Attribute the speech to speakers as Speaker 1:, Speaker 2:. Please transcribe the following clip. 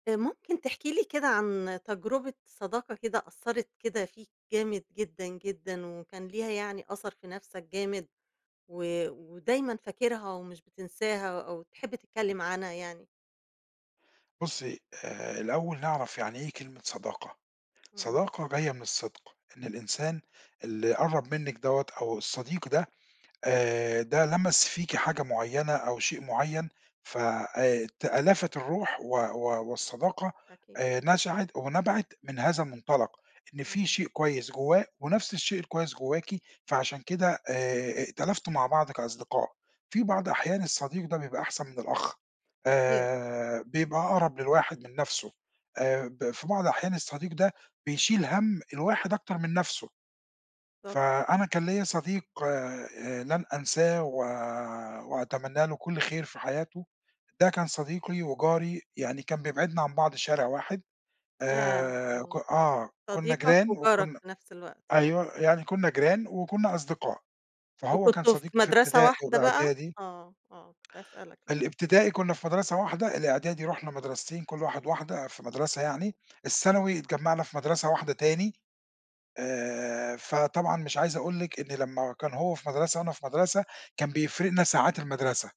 Speaker 1: ممكن تحكي لي كده عن تجربة صداقة كده أثَّرت كده فيك جامد جدًا، جدًا، وكان ليها يعني أثَر في نَفسَك جامد، و ودايمًا فاكرها ومش بتنساها أو تحب تتكلم عنها يعني؟
Speaker 2: بُصّي، آآ، الأول نعرَف يعني إيه كلمة صداقة،
Speaker 1: اهم.
Speaker 2: صداقة جاية من الصدق إن الإنسان اللي قرَّب منِّك دَوَّة أو الصديق ده، آآ، ده لمَس فيكِ حاجة معيّنة أو شيء معيّن ف آآ تألفت الروح و و والصداقة
Speaker 1: أكيد.
Speaker 2: آآ نشأت ونَبَعِت من هذا المُنطلَق، إن في
Speaker 1: إمم.
Speaker 2: شيء كويّس جوّاه ونَفس الشيء الكويّس جواكِ فعشان كده آآ ائتلفتوا مع بعض كأصدقاء. في بعض
Speaker 1: أيوَه.
Speaker 2: أحيان الصديق ده بيبقى أحسَن من الأخ
Speaker 1: أكيد.
Speaker 2: آآ بيبقى أقرَب للواحد من نَفسُه، آآ ب في بعض أحيان الصديق ده بيشيل هَم الواحد أكتر من نَفسُه.
Speaker 1: طب
Speaker 2: فأنا كان ليا صديق آآ لن أنساه و وأتمنى له كل خير في حياته. ده كان صديقي وجاري يعني كان بيبعدنا عن بعض شارع واحد.
Speaker 1: ياه
Speaker 2: آآ ك
Speaker 1: آه.
Speaker 2: آه كنّا
Speaker 1: صديقك
Speaker 2: جيران
Speaker 1: وجارك
Speaker 2: وكنّا
Speaker 1: في نَفس الوقت يعني
Speaker 2: أيوَه يعني
Speaker 1: آه.
Speaker 2: كنّا جيران وكنّا أصدقاء فهو كان
Speaker 1: وكنتم في
Speaker 2: صديقي في
Speaker 1: مدرسة
Speaker 2: ابتدائي
Speaker 1: واحدة بقى؟
Speaker 2: وإعدادي.
Speaker 1: آه، آه كنت هاسألك لسّه.
Speaker 2: الابتدائي كنّا في مدرسة واحدة الإعدادي رُحنا مدرستين كل واحد واحدة في مدرسة يعني،
Speaker 1: إمم.
Speaker 2: الثانوي اتجمّعنا في مدرسة واحدة تاني. آآ، فطبعًا مش عايز أقول لِك إن لمّا كان هو في مدرسة وأنا في مدرسة كان بيفرِقنا ساعات المدرسة.